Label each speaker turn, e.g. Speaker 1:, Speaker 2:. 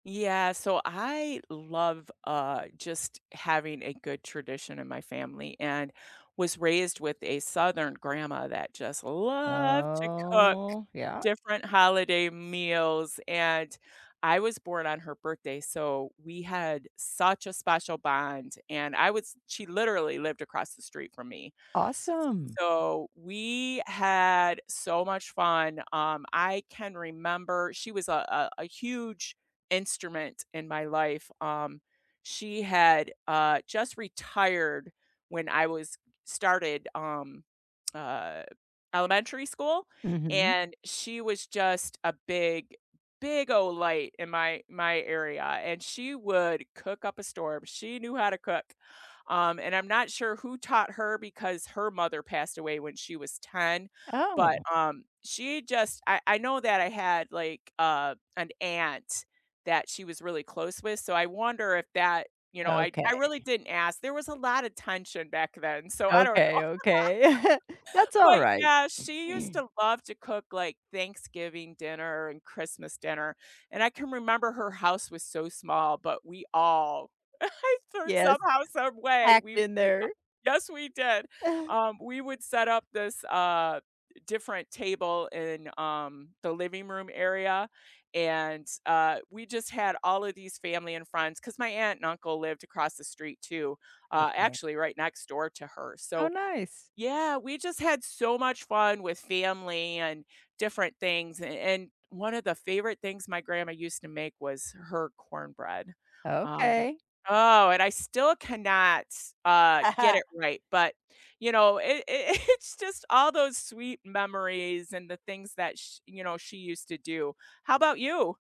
Speaker 1: Yeah, so I love, uh, just having a good tradition in my family and was raised with a southern grandma that just loved to cook
Speaker 2: Oh yeah.
Speaker 1: different holiday meals, and I was born on her birthday, so we had such a special bond, and I was she literally lived across the street from me,
Speaker 2: Awesome.
Speaker 1: so we had so much fun. Um, I can remember She was a a a huge instrument in my life. Um, she had, uh, just retired when I was started, um, uh, elementary school,
Speaker 2: Mhm.
Speaker 1: and she was just a big, big ol' light in my my area, and she would cook up a storm; she knew how to cook, um, and I'm not sure who taught her because her mother passed away when she was 10, but,
Speaker 2: Oh.
Speaker 1: um, she just I I know that I had, like, uh, an aunt that she was really close with, so I wonder if that you know, I I really
Speaker 2: Okay.
Speaker 1: didn't ask. There was a lotta tension back then, so I don't
Speaker 2: Okay,
Speaker 1: know.
Speaker 2: okay. That's
Speaker 1: But
Speaker 2: alright.
Speaker 1: yeah, she used to love to cook, like, Thanksgiving dinner and Christmas dinner, and I can remember her house was so small, but we all, I though
Speaker 2: Yes.
Speaker 1: somehow, some way,
Speaker 2: Packed
Speaker 1: we
Speaker 2: in
Speaker 1: we a
Speaker 2: there.
Speaker 1: Yes, we did. Um, we would set up this, uh, different table in, um, the living room area, and, uh, we just had all of these family and friends, 'cause my aunt and uncle lived across the street too, uh,
Speaker 2: Okay.
Speaker 1: actually right next door to her,
Speaker 2: Oh
Speaker 1: so
Speaker 2: nice.
Speaker 1: Yeah, we just had so much fun with family and different things, a and one of the favorite things my grandma used to make was her cornbread, um
Speaker 2: Okay.
Speaker 1: Oh, and I still cannot, uh, get
Speaker 2: Uh-huh.
Speaker 1: it right, but, you know, it it it's just all those sweet memories and the things that sh you know, she used to do. How 'bout you?